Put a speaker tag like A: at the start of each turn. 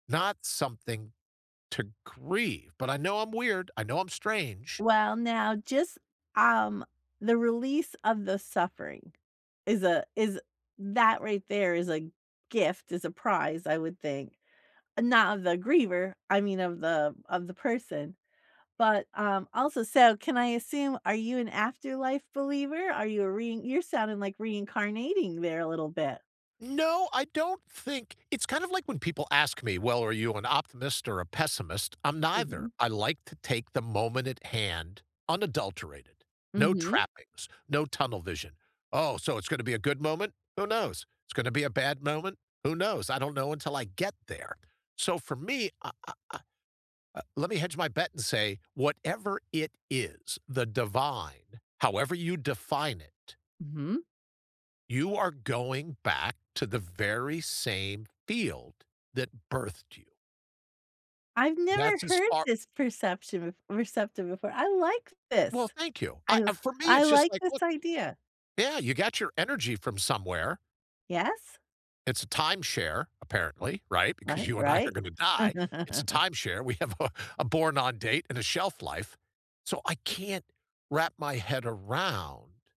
A: Not something to grieve, but I know I'm weird, I know I'm strange.
B: Well, now, just, um, the release of the suffering is a is that right there is a gift, is a prize, I would think, not of the griever, I mean of the of the person, but, um, also, so can I assume, are you an afterlife believer? Are you a rein you're sounding like reincarnating there a little bit.
A: No, I don't think it's kind of like when people ask me, well, are you an optimist or a pessimist? I'm neither.
B: Mhm.
A: I like to take the moment at hand, unadulterated, no
B: Mhm.
A: trappings, no tunnel vision. Oh, so it's gonna be a good moment? Who knows? It's gonna be a bad moment. Who knows? I don't know until I get there. So for me, I I I uh, let me hedge my bet and say, whatever it is, the divine, however you define it
B: Mhm.
A: you are going back to the very same field that birthed you.
B: I've never
A: That's as
B: heard
A: far
B: this perception [unintelligible] receptive before. I like
A: Well,
B: this.
A: thank you. I,
B: I
A: uh, for me,
B: I
A: it's just
B: like
A: like,
B: this
A: look
B: idea.
A: Yeah, you got your energy from somewhere.
B: Yes.
A: It's a timeshare, apparently, right, because
B: Right,
A: you and I are
B: right.
A: gonna die. It's a timeshare. We have a a born on date and a shelf life, so I can't wrap my head around